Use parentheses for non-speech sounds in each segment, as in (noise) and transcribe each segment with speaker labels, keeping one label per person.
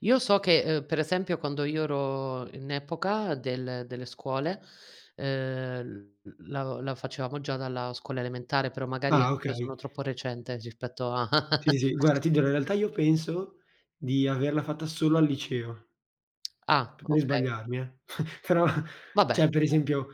Speaker 1: Io so che, ehm, per esempio, quando io ero in epoca del delle scuole, ehm, l l la facevamo già dalla scuola elementare, però, magari,
Speaker 2: Ah,
Speaker 1: anch'io,
Speaker 2: okay.
Speaker 1: sono troppo recente, rispetto a
Speaker 2: Sì,
Speaker 1: (laughs)
Speaker 2: sì, sì, guarda ti dirò, io, in realtà io penso di averla fatta solo al liceo.
Speaker 1: (smacks lips) Ah,
Speaker 2: (unintelligible)
Speaker 1: okay.
Speaker 2: sbagliarmi, eh, però,
Speaker 1: Vabbè,
Speaker 2: cioè, per
Speaker 1: co
Speaker 2: esempio,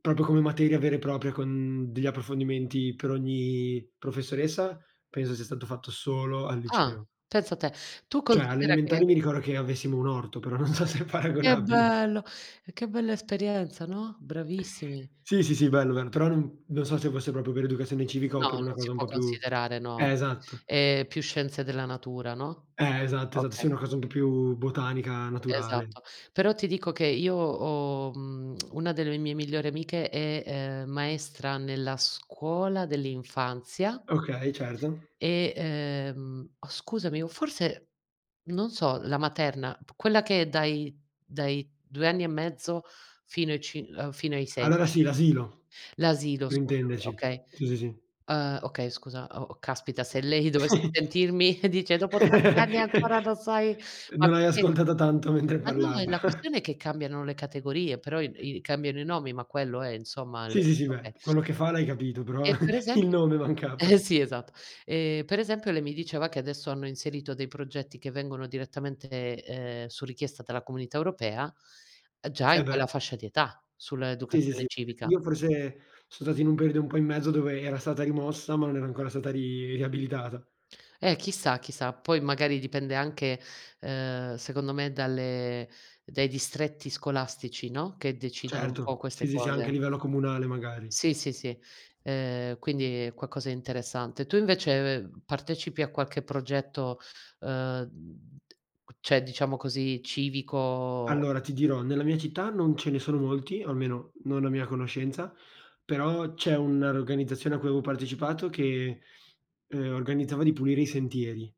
Speaker 2: proprio come materia vera e propria con, degli approfondimenti per ogni professoressa, penso sia stato fatto solo al
Speaker 1: Ah,
Speaker 2: liceo.
Speaker 1: pensa te. Tu
Speaker 2: Cioè, alle
Speaker 1: considera che
Speaker 2: elementari mi ricordo che avessimo un orto, però non so se è
Speaker 1: Che
Speaker 2: paragonabile.
Speaker 1: bello! E che bella esperienza, no? Bravissimi.
Speaker 2: Sì, sì, sì, bello, bello, però non non so se fosse proprio per educazione civica, o
Speaker 1: No,
Speaker 2: per una
Speaker 1: non si
Speaker 2: cosa un
Speaker 1: può
Speaker 2: po' più
Speaker 1: considerare, no.
Speaker 2: eh, esatto.
Speaker 1: È più scienze della natura, no?
Speaker 2: Eh, esatto, esatt
Speaker 1: Okay.
Speaker 2: sì, una cosa un po' più, botanica, naturale.
Speaker 1: Esatto. Però ti dico che io ho, mhmm, (smacks lips) 1 delle mie migliori amiche è, ehm, maestra nella scuola dell'infanzia
Speaker 2: Okay, certo.
Speaker 1: e, ehm oh, scusami, o forse non so, la materna, quella che è dai dai 2 anni e mezzo, fino ai cin uhm, fino ai 6
Speaker 2: Allora
Speaker 1: inso
Speaker 2: sì, l'asilo,
Speaker 1: L'asilo,
Speaker 2: per
Speaker 1: scusami,
Speaker 2: intenderci.
Speaker 1: okay.
Speaker 2: Sì, sì, sì.
Speaker 1: Ehm, okay, scusa. O oh, caspita, se lei dovesse
Speaker 2: (chuckles)
Speaker 1: sentirmi, (chuckles) dice: "Dopo tanti anni
Speaker 2: (laughs)
Speaker 1: ancora non sai" ma
Speaker 2: Non hai
Speaker 1: perché
Speaker 2: ascoltata tanto, mentre
Speaker 1: ma no, è
Speaker 2: parlava.
Speaker 1: la
Speaker 2: (chuckles)
Speaker 1: questione è che cambiano le categorie, però i b i cambiano i nomi, ma quello è, insomma
Speaker 2: Sì,
Speaker 1: (unintelligible)
Speaker 2: sì ,sì, beh.
Speaker 1: okay.
Speaker 2: Quello che fa l'hai capito, però,
Speaker 1: E per esemp
Speaker 2: il nome,
Speaker 1: eh
Speaker 2: mancava.
Speaker 1: sì, esatt E, per esempio, lei mi diceva che adesso hanno inserito dei progetti che vengono direttamente, ehm, su richiesta dalla Comunità Europea, già
Speaker 2: Eh,
Speaker 1: in
Speaker 2: beh.
Speaker 1: quella fascia di età,
Speaker 2: Sì, sì,
Speaker 1: sull'educazione
Speaker 2: sì.
Speaker 1: civica.
Speaker 2: Io, forse, son stato in un periodo un po' in mezzo, dove, era stata rimossa, ma non era ancora stata ri riabilitata.
Speaker 1: Eh, chissà, chi sa. Poi, magari, dipende anche, ehm, secondo me, dalle dai distretti scolastici, no, che decidono un po'
Speaker 2: Certo, sì,
Speaker 1: queste
Speaker 2: sì, sì, anche a
Speaker 1: cose.
Speaker 2: livello comunale, magari.
Speaker 1: Sì, sì, sì, ehm, quindi è qualcosa di interessante. Tu, invece, (unintelligible) partecipi a qualche progetto, ehm, d cioè, diciamo così, civico
Speaker 2: Allora, ti dirò, nella mia città non ce ne sono molti, o almeno, non a mia conoscenza, però, c'è una organizzazione a cui avevo partecipato che, (sniffs) ehm, organizzava di pulire i sentieri.